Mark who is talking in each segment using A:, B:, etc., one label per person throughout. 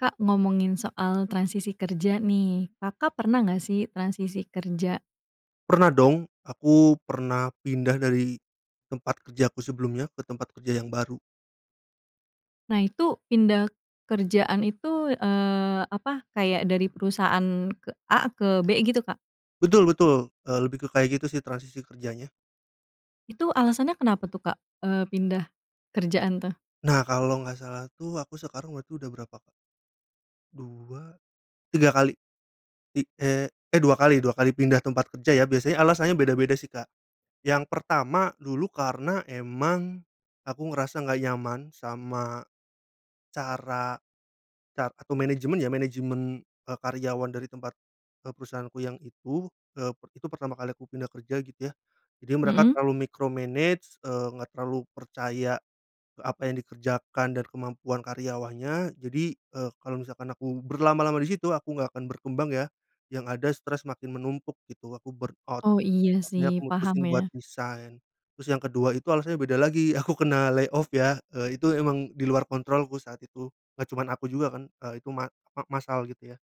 A: Kak, ngomongin soal transisi kerja, nih, Kakak pernah nggak, sih, transisi kerja?
B: Pernah, dong, aku pernah pindah dari tempat kerjaku sebelumnya ke tempat kerja yang baru.
A: Nah, itu pindah kerjaan itu, eee, apa kayak dari perusahaan ke A ke B, gitu, Kak?
B: Betul betul, eee, lebih ke kayak gitu, sih, transisi kerjanya.
A: Itu alasannya kenapa, tuh, Kak, eee, pindah kerjaan, tuh?
B: Nah, kalau nggak salah, tuh, aku sekarang berarti udah berapa, Kak? 2, 3 kali. Ti eh, eh, 2 kali 2 kali pindah tempat kerja, ya, biasanya alasannya beda-beda, sih, Kak. Yang pertama dulu karena emang aku ngerasa nggak nyaman sama cara car atau manajemen, ya, manajemen, eee, karyawan dari tempat, eee, perusahaanku yang itu, eee, itu pertama kali aku pindah kerja, gitu, ya. Jadi mereka
A: Mhm.
B: terlalu micromanage, eee, nggak terlalu percaya apa yang dikerjakan dan kemampuan karyawannya jadi, eee, kalau misalkan aku berlama-lama di situ, aku nggak akan berkembang, ya, yang ada stres makin menumpuk, gitu, aku burnout.
A: Oh, iya,
B: Makanya
A: sih,
B: aku
A: paham,
B: mutusin buat
A: ya.
B: resign. Terus yang ke-2 itu alasannya beda lagi, aku kena lay off, ya, eee, itu emang di luar kontrolku saat itu. Nggak cuman aku juga, kan, eee, itu ma apa, massal, gitu, ya.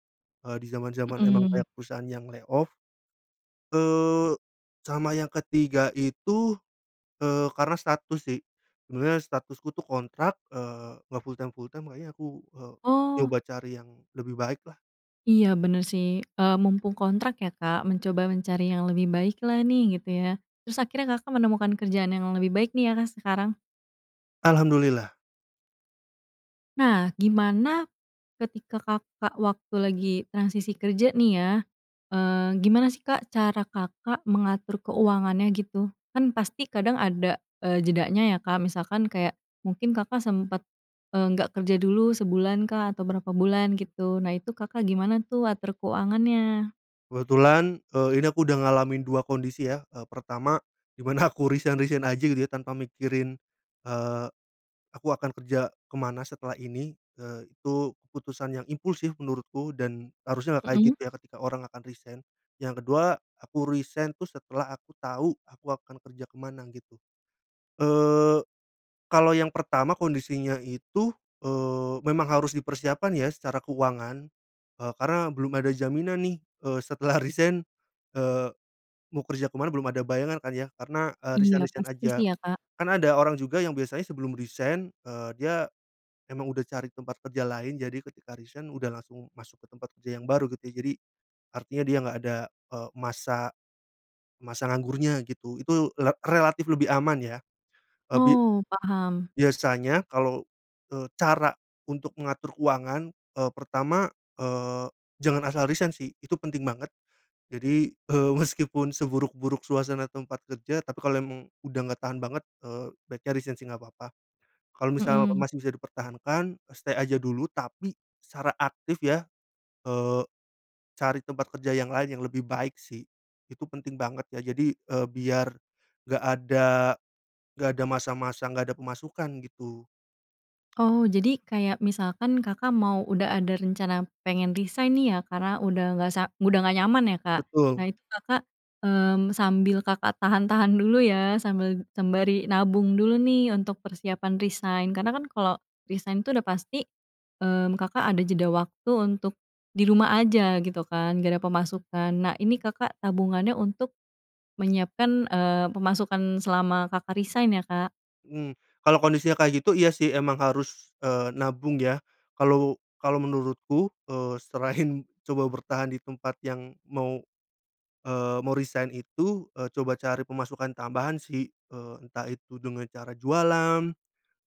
B: Eee, di zaman zaman emang
A: Mhm.
B: kayak perusahaan yang lay off. Eee, sama yang ke-3 itu, eee, karena status, sih, sebenarnya statusku, tuh, kontrak, eee, nggak full-time full-time, makanya aku, eee,
A: Oh.
B: coba cari yang lebih baik, lah.
A: Iya, benar, sih, eee, mumpung kontrak, ya, Kak, mencoba mencari yang lebih baik, lah, nih, gitu, ya. Terus akhirnya Kakak menemukan kerjaan yang lebih baik, nih, ya, Kak, sekarang?
B: Alhamdulillah.
A: Nah, gimana ketika Kakak waktu lagi transisi kerja, nih, ya, eee, gimana, sih, Kak, cara Kakak mengatur keuangannya, gitu? Kan, pasti kadang ada, eee, jedanya, ya, Kak, misalkan kayak mungkin Kakak sempat, eee, nggak kerja dulu sebulankah atau berapa bulan, gitu, nah, itu Kakak gimana, tuh, atur keuangannya?
B: Kebetulan, eee, ini aku udah ngalamin 2 kondisi, ya. Eee, pertama di mana aku resign resign aja, gitu, ya, tanpa mikirin, eee, aku akan kerja ke mana setelah ini, eee, itu keputusan yang impulsif menurutku, dan harusnya nggak kayak
A: Mhm.
B: gitu, ya, ketika orang akan resign. Yang ke-2 aku resign, tuh, setelah aku tau aku akan kerja ke mana, gitu. Eee, kalau yang pertama kondisinya itu, eee, memang harus dipersiapkan, ya, secara keuangan, eee, karena belum ada jaminan, nih, eee, setelah resign, eee, mau kerja ke mana belum ada bayangan, kan, ya, karena, eee,
A: Iya,
B: resign resign
A: pasti,
B: aja.
A: sih, ya, Kak.
B: Kan, ada orang juga yang biasanya sebelum resign, eee, dia emang udah cari tempat kerja lain, jadi ketika resign udah langsung masuk ke tempat kerja yang baru, gitu, ya. Jadi artinya dia nggak ada, eee, masa masa nganggurnya, gitu, itu le relatif lebih aman, ya. Eee, bi
A: Oh, paham.
B: biasanya kalau, eee, cara untuk mengatur keuangan, eee, pertama, eee, jangan asal resign, sih, itu penting banget. Jadi, eee, meski pun seburuk-buruk suasana tempat kerja tapi kalau emang udah nggak tahan banget, eee, baiknya resign, sih, nggak papa. Kalau misal
A: Mhm.
B: masih bisa dipertahankan, eee, stay aja dulu, tapi secara aktif, ya, eee, cari tempat kerja yang lain yang lebih baik, sih, itu penting banget, ya, jadi, eee, biar nggak ada nggak ada masa-masa nggak ada pemasukan, gitu.
A: Oh, jadi kayak misalkan Kakak mau udah ada rencana pengen resign, nih, ya, karena udah nggak sa udah ngga nyaman, ya, Kak. Nah,
B: Betul.
A: itu Kakak, mmm, sambil Kakak tahan-tahan dulu, ya, sambil sembari nabung dulu, nih, untuk persiapan resign. Karena, kan, kalau resign, tuh, udah pasti, mmm, Kakak ada jeda waktu untuk di rumah aja, gitu, kan, nggak ada pemasukan. Nah, ini Kakak tabungannya untuk menyiapkan, eee, pemasukan selama Kakak resign, ya, Kak?
B: Mmm. Kalau kondisi kayak gitu, iya, sih, emang harus, eee, nabung, ya, kalau kalau menurutku, eee, selain coba bertahan di tempat yang mau, eee, mau resign, itu, eee, coba cari pemasukan tambahan, sih, eee, entah itu dengan cara jualan,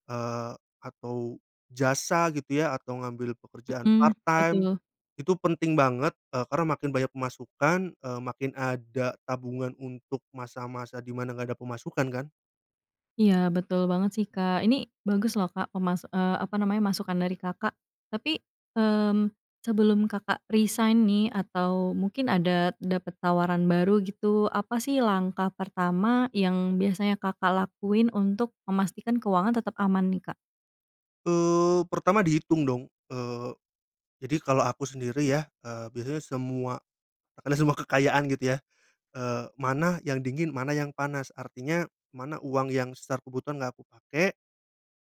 B: eee, atau jasa, gitu, ya, atau ngambil pekerjaan
A: Mhm,
B: part time,
A: betul.
B: itu penting banget, eee, karena makin banyak pemasukan, eee, makin ada tabungan untuk masa-masa di mana nggak ada pemasukan, kan.
A: Iya, betul banget, sih, Kak. Ini bagus, loh, Kak, pemas eee, apa namanya, masukan dari Kakak. Tapi, mmm, sebelum Kakak resign, nih, atau mungkin dapat tawaran baru, gitu. Apa, sih, langkah pertama yang biasanya Kakak lakuin untuk memastikan keuangan tetep aman, nih, Kak?
B: Eee, pertama dihitung, dong, eee, jadi kalau aku sendiri, ya, eee, biasanya semua semua kekayaan, gitu, ya, eee, mana yang dingin mana yang panas. Artinya mana uang yang secara kebutuhan nggak aku pakai,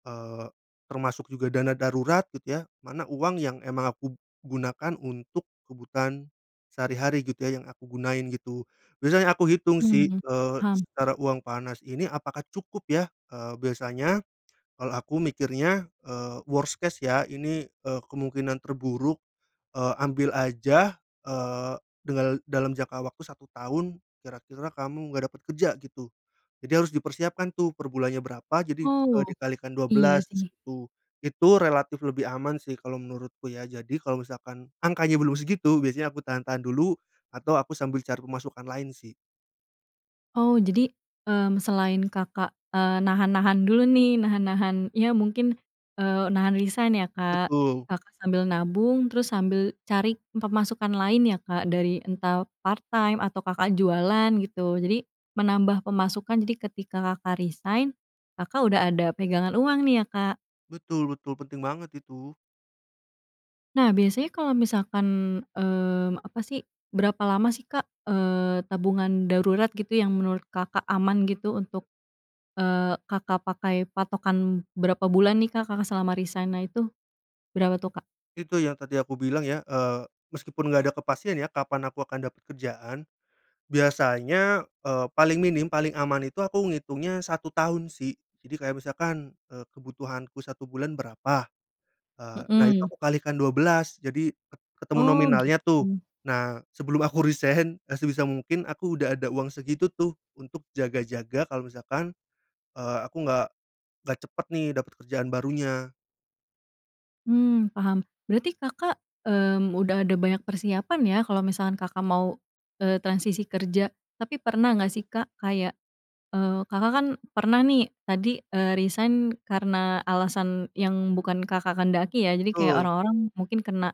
B: eee, termasuk juga dana darurat, gitu, ya, mana uang yang emang aku gunakan untuk kebutuhan sehari-hari, gitu, ya, yang aku gunain, gitu. Biasanya aku hitung, sih,
A: Mhm,
B: eee,
A: paham.
B: secara uang panas ini, apakah cukup, ya, eee, biasanya kalau aku mikirnya, eee, worst case, ya, ini, eee, kemungkinan terburuk, eee, ambil aja, eee, dengal dalam jangka waktu 1 tahun kira-kira kamu nggak dapat kerja, gitu, jadi harus dipersiapkan, tuh, per bulannya berapa, jadi, eee,
A: Oh,
B: dikalikan dua
A: iya,
B: belas
A: sih.
B: itu. Itu relatif lebih aman, sih, kalau menurutku, ya, jadi kalau misalkan angkanya belum segitu biasanya aku tahan-tahan dulu atau aku sambil cari pemasukan lain, sih.
A: Oh, jadi, mmm, selain Kakak, eee, nahan-nahan dulu, nih, nahan-nahan, ya, mungkin, eee, nahan resign, ya, Kak,
B: Betul.
A: Kakak sambil nabung terus sambil cari pemasukan lain, ya, Kak, dari entah part time atau Kakak jualan, gitu, jadi menambah pemasukan. Jadi ketika Kakak resign, Kakak udah ada pegangan uang, nih, ya, Kak.
B: Betul betul, penting banget itu.
A: Nah, biasanya kalau misalkan, eee, apa, sih, berapa lama, sih, Kak, eee, tabungan darurat, gitu, yang menurut Kakak aman, gitu, untuk, eee, Kakak pakai patokan berapa bulan, nih, Kak, Kakak selama resign, nah, itu berapa, tuh, Kak?
B: Itu yang tadi aku bilang, ya, eee, meski pun nggak ada kepastian, ya, kapan aku akan dapat kerjaan, biasanya, eee, paling minim, paling aman itu aku ngitungnya 1 tahun, sih. Jadi kayak misalkan, eee, kebutuhanku 1 bulan berapa, eee, nah, itu
A: Mhm.
B: aku kalikan 12, jadi ket ketemu
A: Oh,
B: nominalnya, tuh.
A: gitu.
B: Nah, sebelum aku resign, eee, sebisa mungkin aku udah ada uang segitu, tuh, untuk jaga-jaga kalau misalkan, eee, aku nggak nggak cepat, nih, dapat kerjaan barunya.
A: Mmm, paham. Berarti Kakak, mmm, udah ada banyak persiapan, ya, kalau misalkan Kakak mau, eee, transisi kerja? Tapi pernah nggak, sih, Kak, kayak, eee, Kakak, kan, pernah, nih, tadi, eee, resign karena alasan yang bukan Kakak kehendaki, ya, jadi kayak
B: Betul.
A: orang-orang mungkin karena,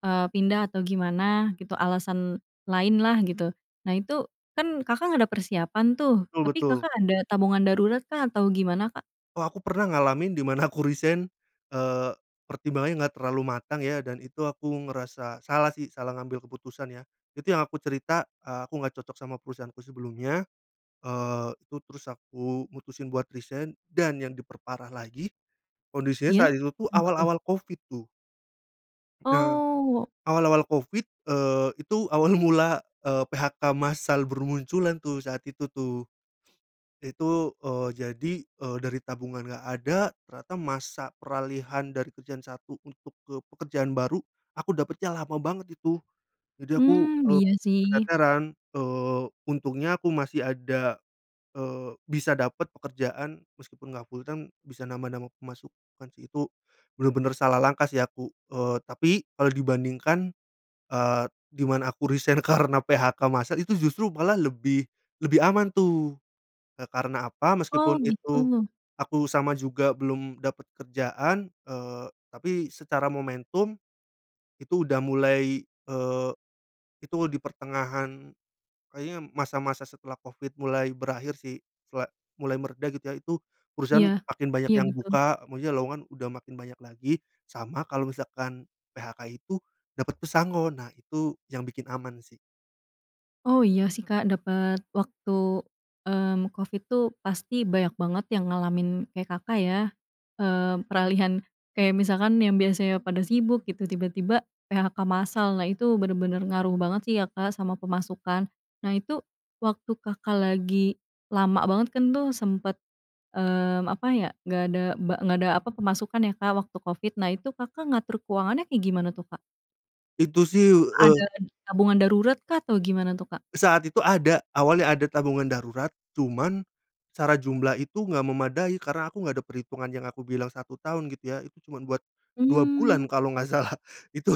A: eee, pindah atau gimana, gitu, alasan lain, lah, gitu. Nah, itu, kan, Kakak nggak ada persiapan, tuh,
B: Betul
A: tapi
B: betul.
A: Kakak ada tabungan daruratkah atau gimana, Kak?
B: Wah, aku pernah ngalamin di mana aku resign, eee, pertimbangannya nggak terlalu matang, ya, dan itu aku ngerasa salah, sih, salah ngambil keputusan, ya. Itu yang aku cerita, eee, aku nggak cocok sama perusahaanku sebelumnya, eee, itu terus aku mutusin buat resign dan yang diperparah lagi kondisinya
A: Iya,
B: saat itu, tuh,
A: kenapa, tuh?
B: awal-awal covid, tuh. Nah,
A: Oh.
B: awal-awal covid, eee, itu awal mula, eee, PHK massal bermunculan, tuh, saat itu, tuh. Itu, eee, jadi, eee, dari tabungan nggak ada ternyata masa peralihan dari kerjaan satu untuk ke pekerjaan baru aku dapatnya lama banget itu. Jadi aku,
A: Mmm,
B: eee,
A: iya, sih.
B: keteteran, eee, untungnya aku masih ada, eee, bisa dapat pekerjaan meski pun nggak full time, bisa nambah-nambah pemasukan, sih. Itu benar-benar salah langkah, sih, aku, eee, tapi kalau dibandingkan, eee, di mana aku resign karena PHK massal itu justru malah lebih lebih aman, tuh. Eee, karena apa? Meski
A: Oh,
B: pun itu
A: gitu.
B: aku sama juga belum dapat kerjaan, eee, tapi secara momentum itu udah mulai, eee, itu di pertengahan kayaknya masa-masa setelah covid mulai berakhir, sih, sela mulai mereda, gitu, ya, itu perusahaan
A: Iya.
B: makin banyak
A: Iya,
B: yang
A: betul.
B: buka, maksudnya lowongan udah makin banyak lagi, sama kalau misalkan PHK itu dapat pesangon, nah, itu yang bikin aman, sih.
A: Oh, iya, sih, Kak, dapet waktu, mmm, covid, tuh, pasti banyak banget yang ngalamin kayak Kakak, ya. Mmm, peralihan kayak misalkan yang biasanya pada sibuk gitu, tiba-tiba PHK massal. Nah, itu, bener-bener ngaruh banget sih ya, Kak, sama pemasukan. Nah, itu, waktu Kakak lagi lama banget kan tuh, sempet, mmm, apa ya. Nggak ada ba nggak ada apa, nggak ada pemasukan, ya, Kak, waktu covid. Nah, itu Kakak ngatur keuangannya kayak gimana tuh, Kak?
B: Itu, sih,
A: Apa
B: eee
A: ada tabungan daruratkah atau gimana, tuh, Kak?
B: Saat itu ada. Awalnya ada tabungan darurat, cuman, secara jumlah itu enggak memadai karena aku nggak ada perhitungan yang aku bilang 1 tahun gitu, ya. Itu cuman buat 2 bulan
A: Mmm.
B: kalau nggak salah. Itu,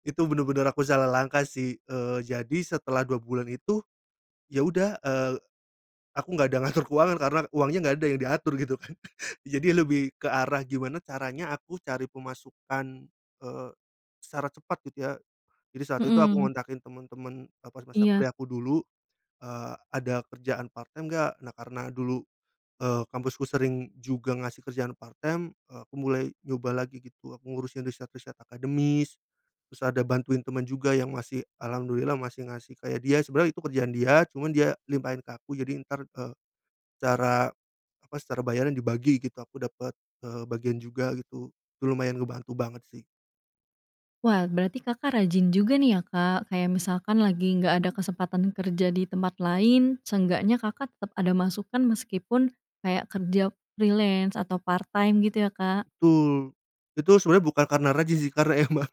B: itu bener-bener aku salah langkah, sih. Eee, jadi setelah 2 bulan itu, ya, udah, eee, aku nggak ada ngatur keuangan karena uangnya nggak ada yang diatur gitu, kan. Jadi lebih ke arah, gimana caranya aku cari pemasukan, eee, secara cepat gitu, ya. Jadi saat itu aku
A: Mhm.
B: ngontakin temen-temen, eee, pas masa
A: Iya.
B: kuliah aku dulu, eee, "Ada kerjaan part-time nggak?" Nah, karena dulu, eee, kampusku sering juga ngasih kerjaan part-time, eee, aku mulai nyoba lagi, gitu. Aku ngurusin riset-riset akademis, terus ada bantuin teman juga yang masih, alhamdulillah masih ngasih kayak dia. Sebenarnya itu kerjaan dia, cuman dia limpahin ke aku, jadi entar, eee, secara, apa, secara bayaran dibagi, gitu. Aku dapet, eee, bagian juga gitu. Lumayan ngebantu banget, sih.
A: Wah, berarti Kakak rajin juga, nih, ya, Kak. Kayak misalkan lagi nggak ada kesempatan kerja di tempat lain, seenggaknya Kakak tetap ada masukan meskipun, kayak kerja freelance atau part time gitu, ya, Kak?
B: Tul. Itu sebenarnya bukan karena rajin, sih, karena emang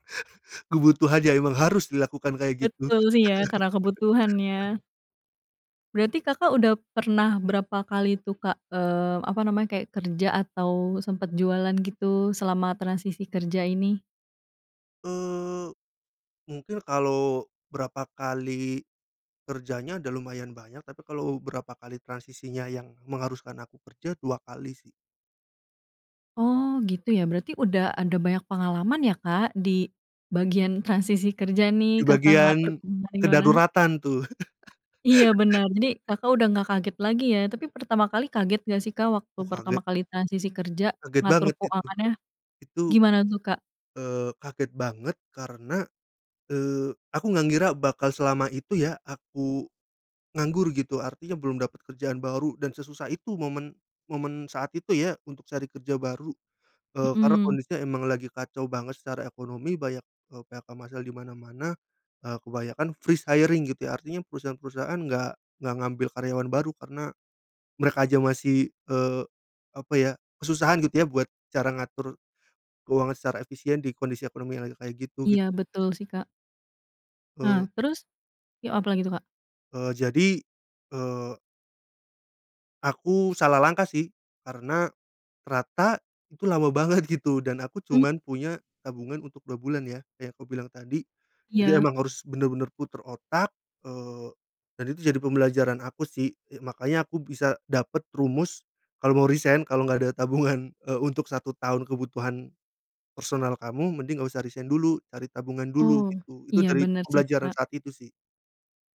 B: ku butuh aja, emang harus dilakukan kayak gitu.
A: Betul, sih, ya, karena kebutuhan, ya. Berarti Kakak udah pernah berapa kali, tuh, Kak? Eee, apa namanya, kayak kerja atau sempet jualan gitu selama transisi kerja ini.
B: Eee, mungkin kalo berapa kali kerjanya udah lumayan banyak, tapi kalau berapa kali transisinya yang mengharuskan aku kerja, 2 kali, sih.
A: Oh, gitu, ya. Berarti udah ada banyak pengalaman, ya, Kak, di bagian transisi kerja, nih,
B: Ke
A: Kakak ngatur
B: bagian,
A: keuangan gimana.
B: kedaruratan, tuh.
A: Iya, bener. Jadi, Kakak udah nggak kaget lagi, ya, tapi pertama kali kaget gak, sih, Kak? Waktu
B: Oh,
A: pertama
B: kaget.
A: kali transisi kerja,
B: Kaget
A: ngatur
B: banget itu.
A: keuangannya.
B: Itu,
A: Gimana, tuh, Kak?
B: eee, kaget banget karena, eee, aku gak ngira bakal selama itu, ya, aku, nganggur, gitu. Artinya belum dapet kerjaan baru dan sesusah itu momen, momen saat itu, ya, untuk cari kerja baru. Eee, karena
A: Mhm.
B: kondisinya emang lagi kacau banget secara ekonomi, banyak, eee, PHK massal di mana-mana, eee, kebanyakan freeze hiring, gitu, ya. Artinya perusahaan-perusahaan nggak, nggak ngambil karyawan baru karena, mereka aja masih, eee, apa ya, kesusahan gitu ya buat cara ngatur keuangan secara efisien di kondisi ekonomi yang lagi kayak gitu,
A: Iya,
B: gitu.
A: betul, sih, Kak.
B: Eee
A: Ah, terus? Yuk apa lagi, tuh, Kak?
B: Eee, jadi, eee. Aku salah langkah, sih, karena ternyata itu lama banget, gitu, dan aku
A: Mmm.
B: cuman punya tabungan untuk 2 bulan, ya, kayak aku bilang tadi. Jadi
A: Iya.
B: emang harus benar-benar putar otak, eee, dan itu jadi pembelajaran aku, sih, eee, makanya aku bisa dapat rumus kalau mau resign, kalau enggak ada tabungan, eee, untuk 1 tahun kebutuhan personal kamu, mending nggak usah resign dulu, cari tabungan dulu,
A: Oh,
B: gitu. Itu
A: iya,
B: dari
A: benar, sih,
B: pembelajaran
A: Kak.
B: saat itu, sih.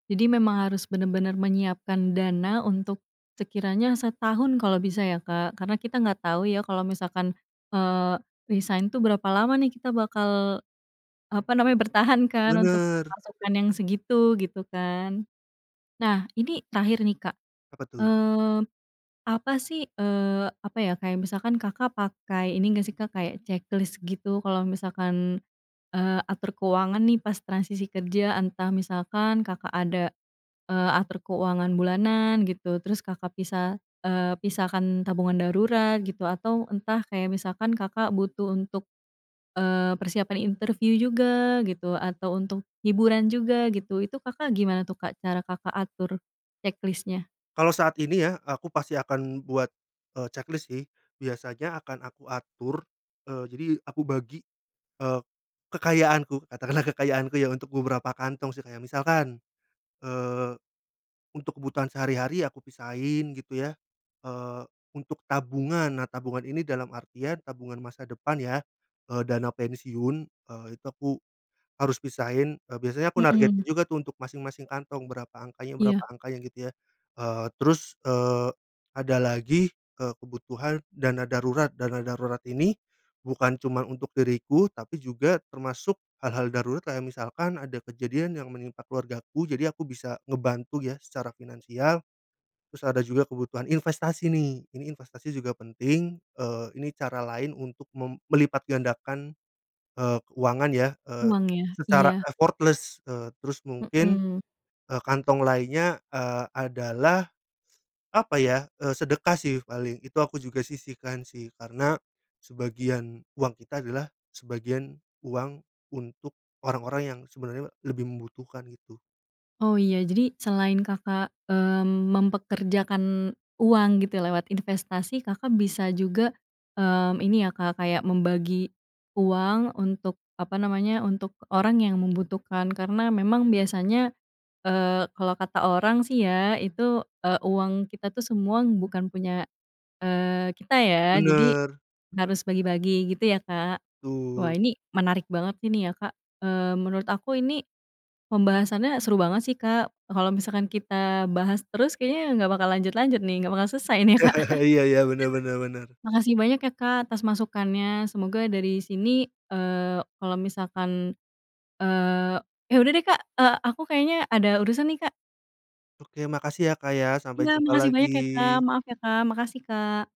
A: Jadi memang harus benar-benar menyiapkan dana untuk sekiranya setahun kalau, bisa, ya, Kak. Karena kita nggak tau, ya, kalau misalkan, eee, resign, tuh, berapa lama, nih, kita bakal apa namanya, bertahan, kan, untuk
B: Benar.
A: pemasukan yang segitu, gitu, kan. Nah, ini terakhir, nih, Kak.
B: Apa, tuh?
A: Mmm, apa, sih, eee, apa, ya, kayak misalkan Kakak pakai ini nggak, sih, Kak, kayak ceklis, gitu, kalau misalkan, eee, atur keuangan, nih, pas transisi kerja, entah misalkan Kakak ada, eee, atur keuangan bulanan, gitu, terus Kakak pisah, eee, pisahkan tabungan darurat, gitu, atau entah kayak misalkan Kakak butuh untuk, eee, persiapan interview juga, gitu, atau untuk hiburan juga, gitu, itu Kakak gimana, tuh, Kak, cara Kakak atur ceklisnya?
B: Kalau saat ini, ya, aku pasti akan buat, eee, ceklis, sih. Biasanya akan aku atur, eee, jadi aku bagi, eee, kekayaanku, katakanlah kekayaanku yang untuk beberapa kantong, sih, kayak misalkan, eee, untuk kebutuhan sehari-hari aku pisahin, gitu, ya. Eee, untuk tabungan, nah, tabungan ini, dalam artian tabungan masa depan, ya, eee, dana pensiun, eee, itu aku harus pisahin. Eee, biasanya aku
A: Mmm
B: nargetin
A: mmm.
B: juga, tuh, untuk masing-masing kantong, berapa angkanya, berapa
A: Iya.
B: angkanya, gitu, ya. Eee, terus, eee, ada lagi, eee, kebutuhan dana darurat. Dana darurat ini bukan cuman untuk diriku tapi juga termasuk hal-hal darurat kayak misalkan ada kejadian yang menimpa keluargaku, jadi aku bisa ngebantu, ya, secara finansial. Terus ada juga kebutuhan investasi, nih, ini investasi juga penting, eee, ini cara lain untuk mem melipatgandakan, eee, keuangan, ya, eee,
A: Uang, ya?
B: secara
A: Iya.
B: effortless. Eee, terus mungkin,
A: Mhm.
B: eee, kantong lainnya, eee, adalah apa, ya, eee, sedekah, sih, paling, itu aku juga sisihkan, sih, karena sebagian uang kita adalah sebagian uang untuk orang-orang yang sebenarnya lebih membutuhkan, gitu.
A: Oh, iya. Jadi selain Kakak, eee, mempekerjakan uang, gitu, ya, lewat investasi, Kakak bisa juga, mmm, ini, ya, Kak, kayak membagi uang untuk apa namanya, untuk orang yang membutuhkan, karena memang biasanya, eee, kalau kata orang, sih, ya, itu, eee, uang kita, tuh, semua bukan punya, eee, kita, ya, jadi
B: Benar.
A: harus bagi-bagi, gitu, ya, Kak. Wah,
B: Betul.
A: ini menarik banget ini, ya, Kak. Eee, menurut aku ini pembahasannya seru banget, sih, Kak. Kalau misalkan kita bahas terus kayaknya nggak bakal lanjut-lanjut, nih, nggak bakal selesai, nih, ya, Kak.
B: Iya iya, benar benar benar.
A: Makasih banyak, ya, Kak, atas masukannya, semoga dari sini, eee, kalau misalkan eee, ya, udah, deh, Kak, eee, aku kayaknya ada urusan, nih, Kak.
B: Oke, makasih, ya, Kak, ya, sampai
A: Iya,
B: jumpa
A: makasih banyak, ya, Kak.
B: lagi.
A: Maaf, ya, Kak. Makasih, Kak.